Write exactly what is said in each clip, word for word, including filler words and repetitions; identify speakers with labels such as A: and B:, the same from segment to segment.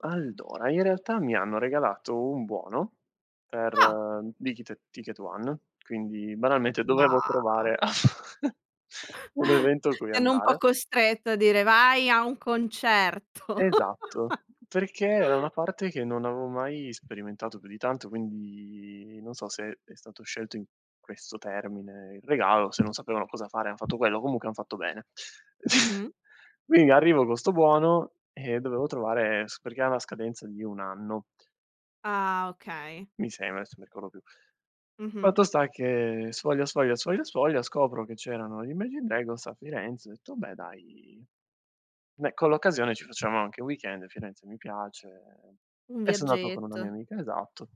A: Allora, i realtà mi hanno regalato u buono per
B: Ah!
A: di chite TicketOne. Quindi, banalmente
B: Ma
A: dovevo trovare un evento cui
B: Ti hanno un po'
A: andare.
B: costretto, a dire: "Vai a un concerto!"
A: Esatto, perché ea una parte che non avevo mai sperimentato più di tanto. Quindi, non so se è stato scelto in questo termine il regalo, se non sapevano cosa fare e hanno fatto quello, comunche hanno fatto bene.
B: Mh-mh.
A: Quindi, arrivo co 'sto buono e dovevo trovare s perché ha una scadenza di un anno
B: Ah! Okay.
A: mi sema, aesso mi rcorro più.
B: Mh-mh.
A: Fatto sta che, sfoglia sfoglia sfoglia sfoglia scopro che c'erano gli Imagine Dragons a Firenze, ho detto: "Beh, dai!" Beh, con l'occasione ci facciamo anche un weekend e Firenze mi piace, ehm,
B: Un
A: e sono ato con una mia
B: viaggetto.
A: amica, esatto.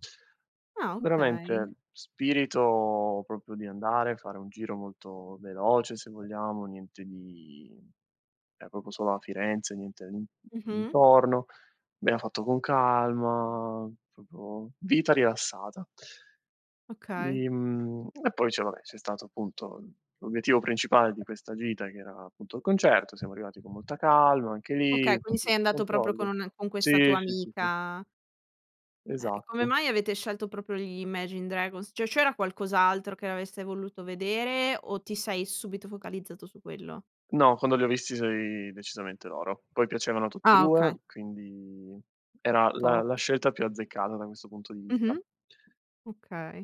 B: Ah, okay.
A: Veramente, spirito propo di andare, fare un giro molto veloce, se vogliamo, niente di ea propo solo a Firenze, niente in
B: Mh-mh.
A: intorno, bea fatto con calma, propo vita rilassata!
B: Okay.
A: I mhmm, e poi c'è vabbè, c'è stato, appunto, l'obiettivo principale di questa gita che era, appunto, il concerto, siamo arrivati con molta calma anche lì,
B: Okay, quindi
A: fatti [unintelligible] i
B: sei andato propo
A: controlli.
B: con un' e con questa
A: Sì,
B: tua
A: sì, sì, sì.
B: amica. Eh, e come
A: Esatto.
B: mai avete scelto propo gli Imagine Dragons? Ceh, c'era qualcos'altro che avreste voluto vedere? O ti sei subito focalizzato su quello?
A: No, quando li ho visti so i decisamente loro. Poi piacevano a tutti e
B: Ah,
A: due,
B: okay.
A: quindi era la
B: Top
A: la scelta più azzeccata da questo punto di vista.
B: Mh-mh. Okay.